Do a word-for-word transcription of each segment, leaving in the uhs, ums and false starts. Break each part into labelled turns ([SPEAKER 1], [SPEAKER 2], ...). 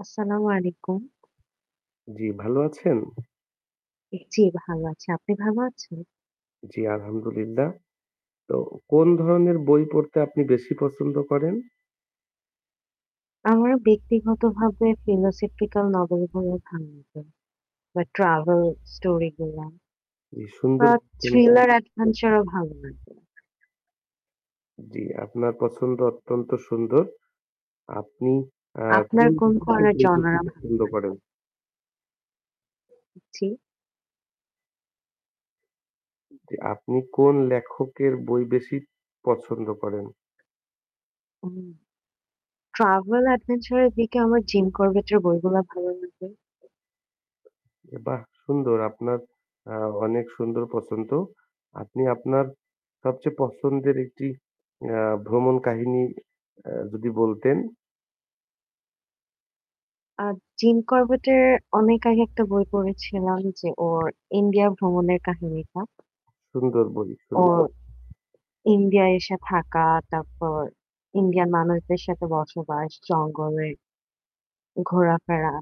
[SPEAKER 1] আসসালামু আলাইকুম।
[SPEAKER 2] জ্বি, ভালো আছেন?
[SPEAKER 1] এ জ্বী, ভালো আছি। আপনি ভালো আছেন?
[SPEAKER 2] জ্বি আলহামদুলিল্লাহ। তো কোন ধরনের বই পড়তে আপনি বেশি পছন্দ করেন?
[SPEAKER 1] আমার ব্যক্তিগতভাবে ফিলোসফিক্যাল নভেল গুলো ভালো লাগে বা ট্রাভেল স্টোরিগুলা।
[SPEAKER 2] জ্বি, সুন্দর
[SPEAKER 1] বা
[SPEAKER 2] সুন
[SPEAKER 1] থ্রিলার অ্যাডভেঞ্চারও ভালো লাগে।
[SPEAKER 2] জ্বী, আপনার পছন্দ অত্যন্ত সুন্দর। আপনি অ্যাঁ
[SPEAKER 1] আপনার
[SPEAKER 2] কোন
[SPEAKER 1] কোন
[SPEAKER 2] লেখকের
[SPEAKER 1] ধরণের
[SPEAKER 2] বই বেশি
[SPEAKER 1] জনরা ভালো
[SPEAKER 2] পছন্দ
[SPEAKER 1] লাগে?
[SPEAKER 2] করেন?
[SPEAKER 1] জি?
[SPEAKER 2] জ্বি, আপনি কোন লেখকের বই বেশি পছন্দ করেন?
[SPEAKER 1] হুম। ট্রাভেল অ্যাডভেঞ্চারের দিকে আমার জিম করবেটের বইগুলা ভালো লাগে।
[SPEAKER 2] এ বাহ! সুন্দর আপনার অ্যাঁ অনেক সুন্দর পছন্দ। আপনি আপনার সবচেয়ে পছন্দের একটি অ্যাঁ ভ্রমণ কাহিনী এ্যা যদি বলতেন।
[SPEAKER 1] আ জিম করবেটের অনেক আগে একটা বই পড়েছিলাম যে ওর ইন্ডিয়া ভ্রমণের কাহিনীটা।
[SPEAKER 2] সুন্দর বই, সুন্দর।
[SPEAKER 1] ওর ইন্ডিয়ায় এসে থাকা, তারপর ইন্ডিয়ান মানুষদের সাথে বসবাস, জঙ্গলে ঘোরাফেরা।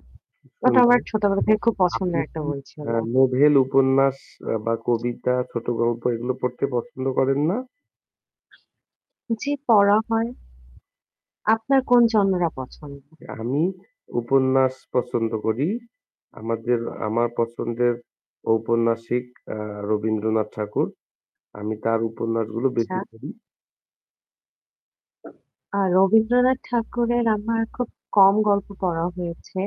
[SPEAKER 1] ওটা আমার
[SPEAKER 2] সুন্দর।
[SPEAKER 1] ছোটবেলা থেকে খুব
[SPEAKER 2] আপনি
[SPEAKER 1] পছন্দের একটা
[SPEAKER 2] কি
[SPEAKER 1] বই ছিল।
[SPEAKER 2] অ্যাঁ নোভেল উপন্যাস অ্যা বা কবিতা, ছোটগল্প এগুলো পড়তে পছন্দ করেননা?
[SPEAKER 1] জি, পড়া হয়। আপনার কোন জনরা পছন্দ?
[SPEAKER 2] এ আমি উপন্যাস পছন্দ করি। আমাদের আমার পছন্দের ঔপন্যাসিক অ্যাঁ রবীন্দ্রনাথ ঠাকুর। আমি তার উপন্যাসগুলো
[SPEAKER 1] আচ্ছা।
[SPEAKER 2] বেশি পড়ি।
[SPEAKER 1] আ রবীন্দ্রনাথ ঠাকুরের আমার খুব কম গল্প পড়া হয়েছে।